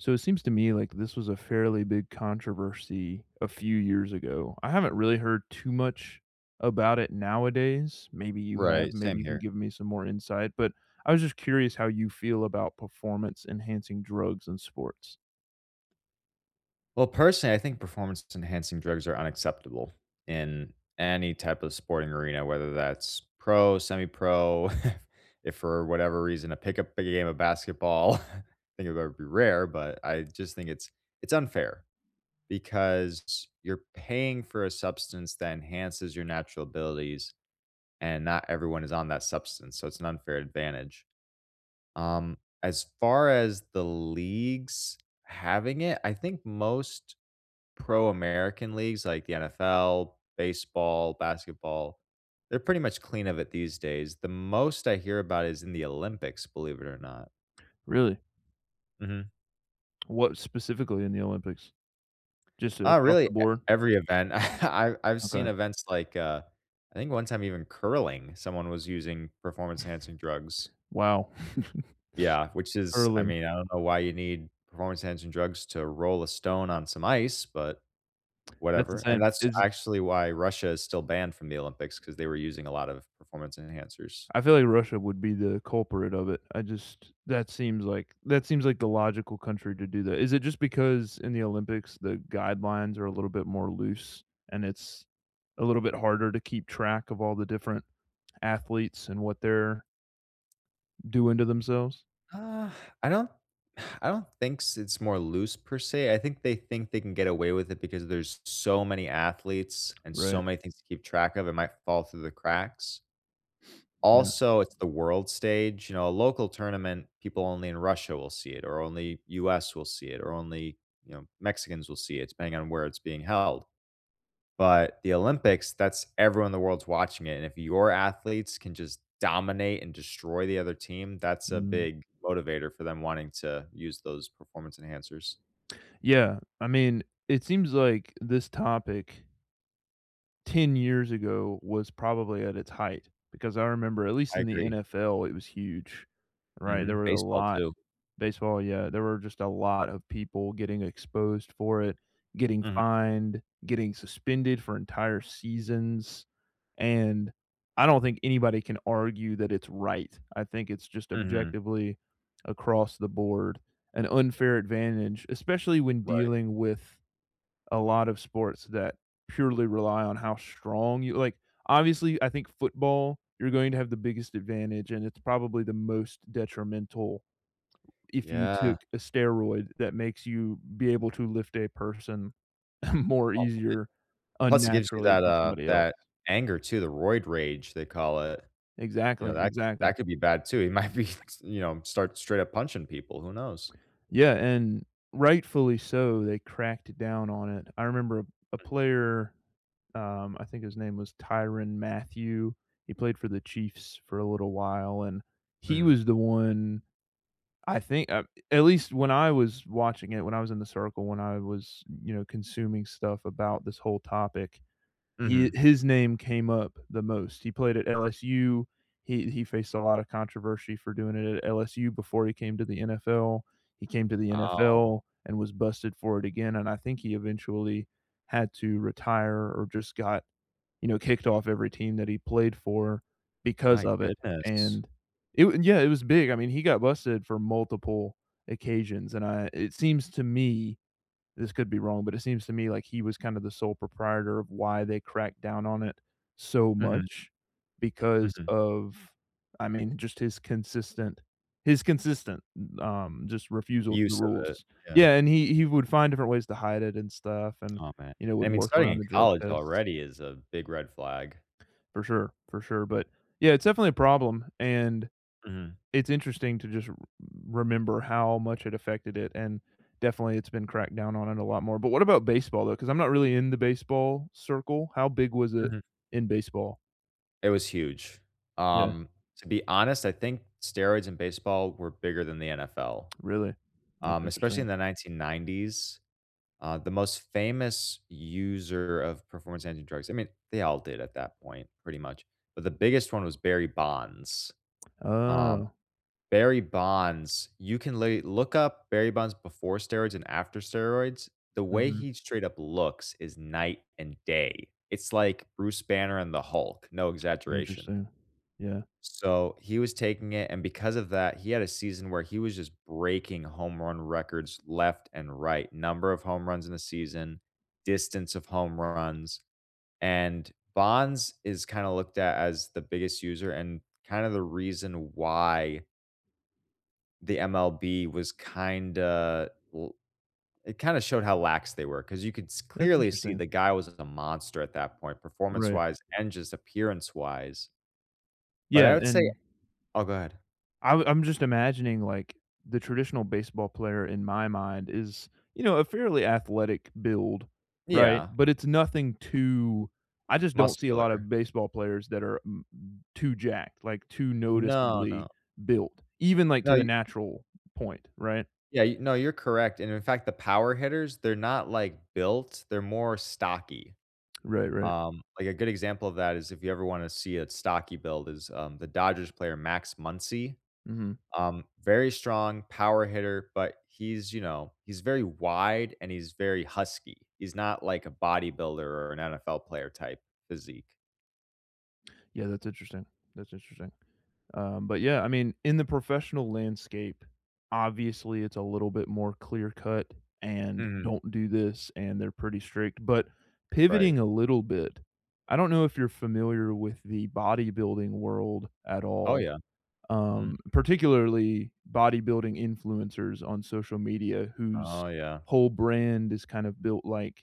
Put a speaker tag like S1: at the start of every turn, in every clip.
S1: So it seems to me like this was a fairly big controversy a few years ago. I haven't really heard too much about it nowadays. Maybe you have,
S2: Right,
S1: maybe
S2: same
S1: you can
S2: here.
S1: give me some more insight, but I was just curious how you feel about performance-enhancing drugs in sports.
S2: Well, personally, I think performance-enhancing drugs are unacceptable, in any type of sporting arena, whether that's pro, semi-pro, if if for whatever reason a pick-up game of basketball, I think that would be rare, but I just think it's it's unfair, because you're paying for a substance that enhances your natural abilities, and not everyone is on that substance, so it's an unfair advantage. Um, as far as the leagues having it, I think most pro American leagues like the NFL, baseball, basketball, they're pretty much clean of it these days, the most I hear about is in the Olympics, believe it or not.
S1: Really?
S2: Mhm.
S1: What specifically in the Olympics? Just
S2: Oh,
S1: across
S2: really e
S1: the board?
S2: every event. I I've seen
S1: Okay.
S2: events like, uh, I think one time even curling, someone was using performance-enhancing drugs.
S1: Wow.
S2: Yeah, which is I
S1: Curling.
S2: mean, I don't know why you need performance enhancing drugs to roll a stone on some ice, but
S1: That's
S2: whatever. And
S1: insane.
S2: that's
S1: Is i
S2: actually why Russia is still banned from the Olympics 'cause they were using a lot of performance enhancers.
S1: I feel like Russia would be the culprit of it. I just that seems like that seems like the logical country to do that. Is it just because in the Olympics, the guidelines are a little bit more loose, and it's a little bit harder to keep track of all the different athletes and what they're doing to themselves.
S2: Uh, I don't I don't think s it's more loose per se, I think they think they can get away with it because there's so many athletes and
S1: Right.
S2: so many things to keep track of, it might fall through the cracks.
S1: Yeah.
S2: Also, it's the world stage, you know, a local tournament, people only in Russia will see it or only US will see it or only, you know, Mexicans will see it depending on where it's being held. But the Olympics, that's everyone in the world's watching it, and if your athletes can just dominate and destroy the other team, that's a
S1: Mhm.
S2: big motivator for them wanting to use those performance enhancers.
S1: Yeah. I mean, it seems like this topic 10 years ago was probably at its height. Because I remember, at least
S2: I
S1: in the
S2: agree.
S1: NFL, it was huge, right? There
S2: Mhm,
S1: were a
S2: baseball
S1: lot
S2: too.
S1: Baseball, yeah, there were just a lot of people getting exposed for it, getting
S2: Mhm.
S1: fined, getting suspended for entire seasons. And I don't think anybody can argue that it's right. I think it's just
S2: Mhm.
S1: objectively across the board an unfair advantage, especially when
S2: Right.
S1: dealing with a lot of sports that purely rely on how strong you like, obviously, I think football, you're going to have the biggest advantage, and it's probably the most detrimental if you took
S2: Yeah.
S1: a steroid that makes you be able to lift a person more
S2: [unintelligible]
S1: easier
S2: Plus it gives you
S1: unnaturally
S2: that,
S1: than
S2: uh
S1: somebody else.
S2: that anger too, the roid rage, they call it. You know
S1: Exactly,
S2: that
S1: exactly.
S2: that could be bad too, you might be s you know, start straight up punching people, who knows?
S1: Yeah, and rightfully so, they cracked down on it. I remember a a player, um, I think his name was Tyrann Mathieu. He played for the Chiefs for a little while, and he
S2: Mhm.
S1: was the one I think uh at least when I was watching it, when I was in the circle, when I was, you know, consuming stuff about this whole topic, he
S2: Mhm.
S1: his name came up the most, he played at LSU. He he faced a lotta controversy for doing it at LSU before he came to the NFL. He came to the
S2: Oh.
S1: NFL and was busted for it again, and I think he eventually had to retire or just got, you know, kicked off every team that he played for because
S2: My
S1: of it.
S2: goodness.
S1: And it wa And yeah, it was big, I mean, he got busted for multiple occasions and I it seems to me this could be wrong, but it seems to me like he was kinda the sole proprietor of why they cracked down on it so
S2: Mhm.
S1: much because
S2: Mhm.
S1: of, I mean, just his consistent his consistent, u um, just refusal to the
S2: Use of it.
S1: rules.
S2: Yeah.
S1: Yeah, and he he would find different ways to hide it and stuff and,
S2: Oh, man.
S1: you know,
S2: And,
S1: would
S2: I mean,
S1: work
S2: starting
S1: around
S2: in
S1: the drug
S2: college
S1: tests.
S2: already is a big red flag.
S1: For sure. For sure, but, yeah, it's definitely a problem, and
S2: Mhm.
S1: it's interesting to just r r remember how much it affected it and, definitely, it's been cracked down on it a lot more, but what about baseball, though? 'Cause I'm not really in the baseball circle. How big was it
S2: Mhm.
S1: in baseball?
S2: It was huge.
S1: Yeah.
S2: Um, to be honest, I think steroids in baseball were bigger than the NFL,
S1: Really? That's
S2: um, especially in
S1: interesting.
S2: the 1990s. Uh, the most famous user of performance-enhancing drugs I mean, they all did at that point, pretty much, but the biggest one was Barry Bonds. Um,
S1: Oh.
S2: Barry Bonds, you can lay look up Barry Bonds before steroids and after steroids. The way
S1: Mhm.
S2: he straight up looks is night and day. It's like Bruce Banner and the Hulk, no exaggeration.
S1: Interesting. Yeah.
S2: So, he was taking it, and because of that, he had a season where he was just breaking home run records left and right, number of home runs in a season, distance of home runs. And Bonds is kinda looked at as the biggest user and kinda the reason why the MLB was kinda l it kinda showed how lax they were 'cause you could s
S1: That's
S2: clearly see
S1: interesting.
S2: the guy was [unintelligible] a monster at that point
S1: Right.
S2: performance-wise and just appearance-wise. But
S1: Yeah.
S2: I would say
S1: And
S2: Oh, go ahead.
S1: I'm I'm just imagining, like, the traditional baseball player in my mind is, you know, a fairly athletic build, right?
S2: Yeah.
S1: But it's nothing too I just don't see a lotta
S2: Muscular.
S1: baseball players that are m m too jacked, like, too
S2: No,
S1: noticeably
S2: no.
S1: built, even, like, to
S2: No,
S1: the
S2: y
S1: natural point, right?
S2: Yeah, y no, you're correct and in fact, the power hitters, they're not, like, built, they're more stocky.
S1: Right, right.
S2: Um, like, a good example of that is if you ever wanna see a stocky build is, um, the Dodgers player Max Muncy.
S1: Mhm.
S2: Um, very strong power hitter, but he's, you know he's very wide, and he's very husky. He's not like a bodybuilder or an NFL player type physique.
S1: Yeah, that's interesting. That's interesting. Um, but yeah, I mean, in the professional landscape, obviously, it's a little bit more clear-cut and,
S2: Mhm.
S1: "Don't do this," and they're pretty strict, but
S2: Right.
S1: pivoting a little bit, I don't know if you're familiar with the bodybuilding world at
S2: Oh,
S1: all,
S2: yeah. Mm.
S1: um, particularly bodybuilding influencers on social media whose
S2: Oh, yeah.
S1: whole brand is kind of built, like,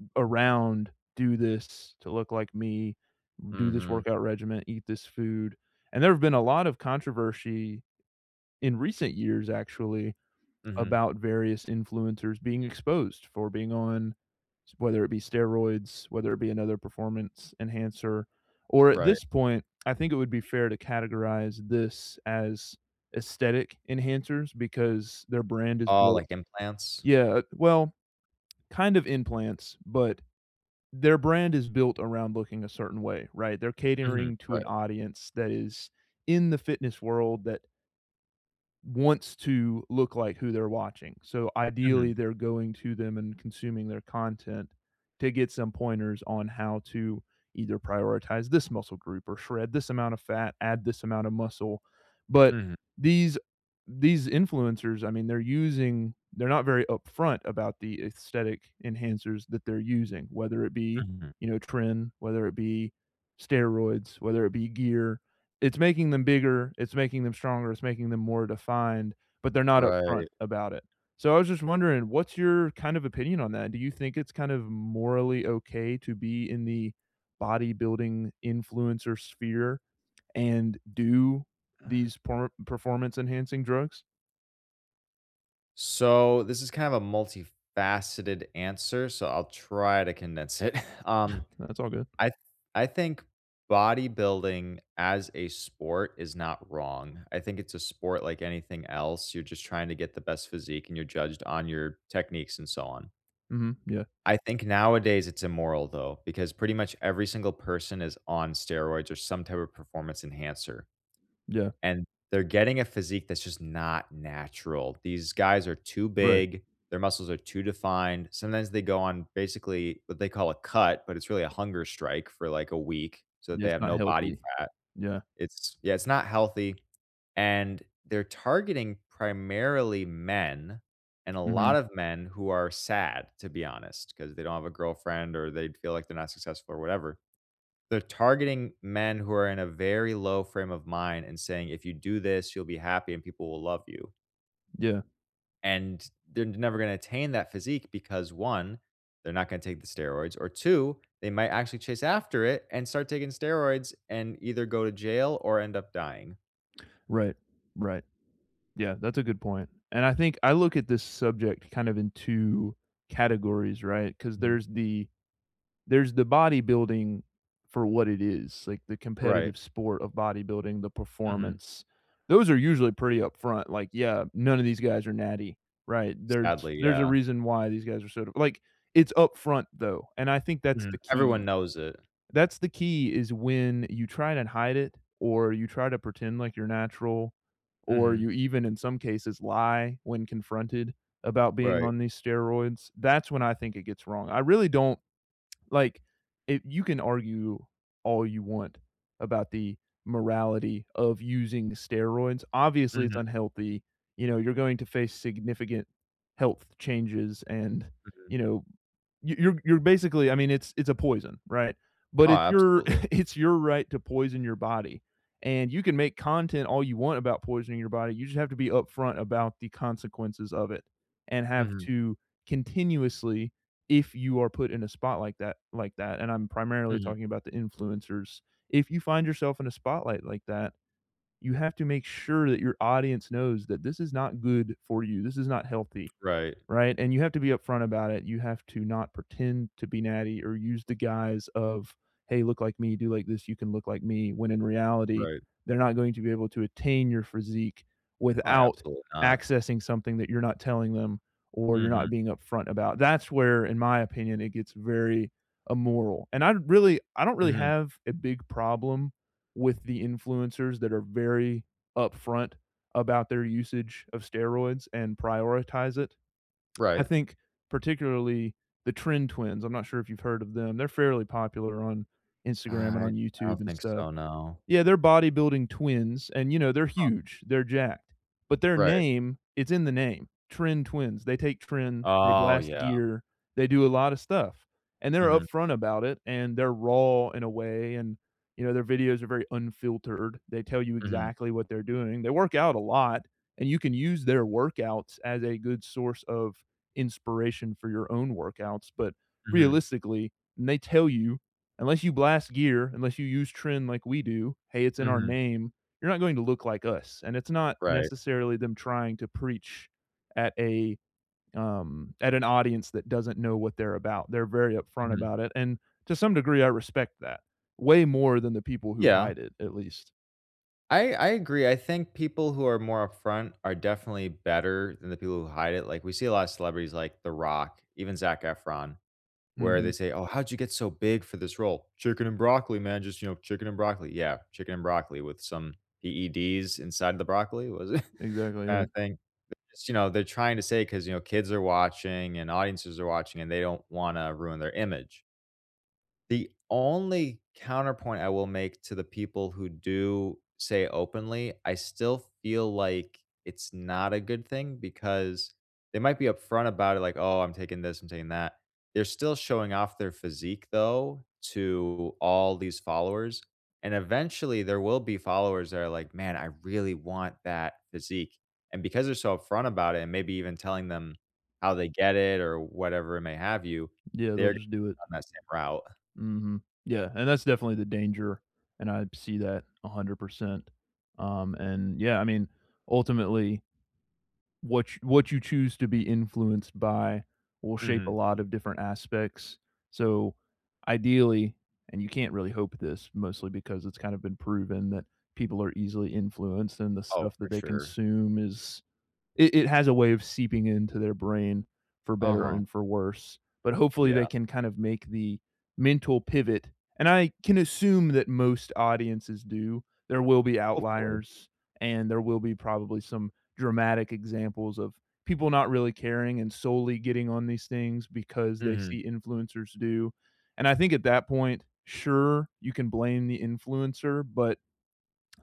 S1: eh around, "Do this to look like me, do this
S2: Mhm.
S1: workout regimen, eat this food." And there have been a lot of controversy in recent years, actually,
S2: Mhm.
S1: about various influencers being exposed for being on s whether it be steroids, whether it be another performance enhancer or, at
S2: Right.
S1: this point, I think it would be fair to categorize this as aesthetic enhancers because their brand is
S2: Oh, like
S1: built
S2: implants?
S1: Yeah, eh, well, kind of implants, but their brand is built around looking a certain way, right? They're
S2: Mhm.
S1: catering to an
S2: Right.
S1: audience that is in the fitness world that wants to look like who they're watching. So, ideally,
S2: Mhm.
S1: they're going to them and consuming their content to get some pointers on how to either prioritize this muscle group or shred this amount of fat, add this amount of muscle. But
S2: Mhm.
S1: these these influencers, I mean, they're using they're not very upfront about the aesthetic enhancers that they're using, whether it be,
S2: Mhm.
S1: you know, Trim, whether it be steroids, whether it be gear. It's making them bigger, it's making them stronger, it's making them more defined, but they're not upfront
S2: Right.
S1: about it. So I was just wondering, what's your kind of opinion on that? Do you think it's kind of morally okay to be in the bodybuilding influencer sphere and do
S2: Uh
S1: these por performance-enhancing drugs?
S2: So, this is kind of a multifaceted answer, so I'll try to condense it. Um,
S1: Nah, it's all good.
S2: I th I think bodybuilding as a sport is not wrong. I think it's a sport like anything else, you're just trying to get the best physique, and you're judged on your techniques and so on.
S1: Mhm. Yeah.
S2: I think nowadays, it's immoral, though, because pretty much every single person is on steroids or some type of performance enhancer,
S1: Yeah.
S2: and they're getting a physique that's just not natural. These guys are too
S1: Right.
S2: big. Their muscles are too defined, sometimes they go on basically what they call a "cut," but it's really a hunger strike for, like, a week, so that
S1: Yeah,
S2: they
S1: it's
S2: have
S1: not
S2: no body
S1: healthy.
S2: fat.
S1: Yeah.
S2: It's Yeah, it's not healthy. And they're targeting primarily men, and a lot
S1: Mhm.
S2: of men who are sad, to be honest, 'cause they don't have a girlfriend, or they'd feel like they're not successful, or whatever. They're targeting men who are in a very low frame of mind and saying, "If you do this, you'll be happy and people will love you."
S1: Yeah.
S2: And they're n never gonna attain that physique because, 1, they're not gonna take the steroids, or, 2, they might actually chase after it and start taking steroids and either go to jail or end up dying.
S1: Right. Right. Yeah, that's a good point. And I think I look at this subject kind of in 2 categories, right, 'cause
S2: Mhm.
S1: there's the there's the bodybuilding for what it is, like, the
S2: Right.
S1: competitive sport of bodybuilding, the
S2: Mhm.
S1: performance. Those are usually pretty upfront, like, yeah, none of these guys are natty, right, there's
S2: Sadly,
S1: there's a
S2: yeah.
S1: reason why these guys are sort of like, it's upfront, though, and I think that's
S2: Mhm,
S1: the
S2: everyone
S1: key
S2: knows it.
S1: that's the key, is when you try and hide it or you try to pretend like you're natural or
S2: Mhm.
S1: you even, in some cases, lie when confronted about being
S2: Right.
S1: on these steroids, that's when I think it gets wrong, I really don't like, i you can argue all you want about the morality of using the steroids. Obviously, it's
S2: Mhm.
S1: unhealthy, you know, you're going to face significant health changes, and,
S2: Mhm.
S1: you know, y you're you're basically I mean, it's it's a poison, right? But
S2: Oh,
S1: it's your
S2: absolutely.
S1: it's your right to poison your body, and you can make content all you want about poisoning your body, you just have to be upfront about the consequences of it, and have
S2: Mhm.
S1: to continuously, if you are put in a spot like that like that, and I'm primarily
S2: Mhm.
S1: talking about the influencers, if you find yourself in a spotlight like that, you have to make sure that your audience knows that this is not good for you, this is not healthy.
S2: Right.
S1: Right, and you have to be upfront about it, you have to not pretend to be natty or use the guise of, "Hey, look like me, do like this, you can look like me," when in reality,
S2: Right.
S1: they're not going to be able to attain your physique
S2: Oh, yeah,
S1: without
S2: absolutely not.
S1: accessing something that you're not telling them, or you're
S2: Mhm.
S1: not being upfront about. That's where, in my opinion, it gets very immoral, and I'd really I don't really
S2: Mhm.
S1: have a big problem with the influencers that are very upfront about their usage of steroids and prioritize it. I
S2: Right.
S1: think particularly the Tren Twins, I'm not sure if you've heard of them, they're fairly popular on Instagram and
S2: I
S1: on
S2: I
S1: YouTube
S2: don't
S1: and
S2: think
S1: stuff.
S2: so, no.
S1: Yeah, they're bodybuilding twins, and, you know, they're
S2: Huh.
S1: huge, they're jacked, but their
S2: Right.
S1: name it's in the name, "Tren Twins," they take tren, they
S2: Oh,
S1: blast
S2: yeah.
S1: gear, they do a lot of stuff, and they're
S2: Mhm.
S1: upfront about it, and they're raw in a way, and, you know, their videos are very unfiltered, they tell you
S2: Mhm.
S1: exactly what they're doing, they work out a lot, and you can use their workouts as a good source of inspiration for your own workouts, but,
S2: Mhm.
S1: realistically, and they tell you, "Unless you blast gear, unless you use tren like we do- hey, it's in our
S2: Mhm.
S1: name- you're not going to look like us," and it's not
S2: Right.
S1: necessarily them trying to preach at a, um at an audience that doesn't know what they're about, they're very upfront
S2: Mhm.
S1: about it, and, to some degree, I respect that, way more than the people who
S2: Yeah.
S1: hide it, at least.
S2: I I agree, I think people who are more upfront are definitely better than the people who hide it, like, we see a lot of celebrities like The Rock, even Zac Efron, where they
S1: Mhm.
S2: say, "Oh, how'd you get so big for this role?" "Chicken and broccoli, man. Just, you know, chicken and broccoli." Yeah, chicken and broccoli with some EEDs inside the broccoli was it
S1: Exactly,
S2: kind
S1: yeah.
S2: of thing. Because, you know, they're trying to say 'cause, you know, kids are watching, and audiences are watching, and they don't wanna ruin their image. The only counterpoint I will make to the people who do say openly, I still feel like it's not a good thing because, they might be upfront about it, like, "Oh, I'm taking this, I'm taking that." They're still showing off their physique, though, to all these followers. And, eventually, there will be followers that are like, "Man, I really want that physique." And because they're so upfront about it and maybe even telling them, how they get it or whatever it may have you,
S1: Yeah. They'll
S2: they're g
S1: just do it.
S2: down that same route.
S1: Mhm. Yeah, and that's definitely the danger, and I see that 100%. Um, and yeah, I mean, ultimately what ch what you choose to be influenced by will shape a
S2: Mhm.
S1: lot of different aspects. So, ideally and you can't really hope this mostly because it's kind of been proven that people are easily influenced and the stuff
S2: Oh,
S1: that
S2: for
S1: they
S2: sure.
S1: consume is it it has a way of seeping into their brain, for better
S2: Uh-huh.
S1: and for worse. But hopefully,
S2: Yeah.
S1: they can kind of make the mental pivot. And I can assume that most audiences do. There will be
S2: Hopefully.
S1: outliers, and there will be probably some dramatic examples of people not really caring and solely getting on these things because they
S2: Mhm.
S1: see influencers do. And I think at that point, sure, you can blame the influencer, but,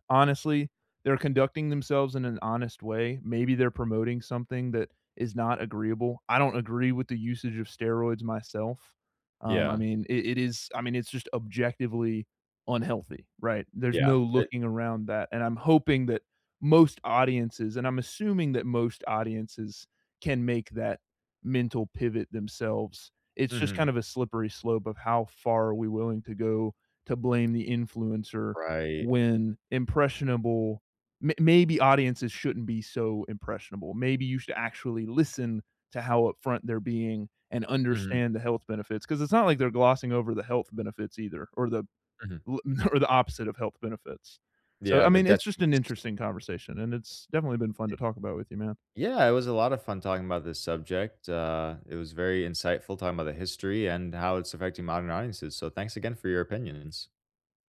S1: honestly, they're conducting themselves in an honest way. Maybe they're promoting something that is not agreeable. I don't agree with the usage of steroids myself. Um, I
S2: Yeah.
S1: mean, it it is I mean, it's just objectively unhealthy, right? There's
S2: Yeah.
S1: no
S2: It
S1: looking around that, and I'm hoping that most audiences and I'm assuming that most audiences can make that mental pivot themselves. It's just kind
S2: Mhm.
S1: of a slippery slope of how far we're willing to go to blame the influencer
S2: Right.
S1: when impressionable may maybe audiences shouldn't be so impressionable. Maybe you should actually listen to how upfront they're being and
S2: Mhm.
S1: understand the health benefits. 'Cause it's not like they're glossing over the health benefits either or the
S2: Mhm.
S1: l or the opposite of health benefits. So,
S2: Yeah,
S1: I
S2: the
S1: mean, it's just an
S2: detriments
S1: interesting conversation, and it's definitely been fun
S2: Ye
S1: to talk about with you, man.
S2: yeah, it was a lotta of fun talking about this subject, uh, it was very insightful talking about the history and how it's affecting modern audiences, so thanks again for your opinions.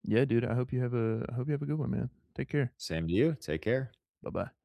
S1: Yeah, dude, I hope you have a I hope you have a good one, man. Take care.
S2: Same to you, take care.
S1: Buh-bye.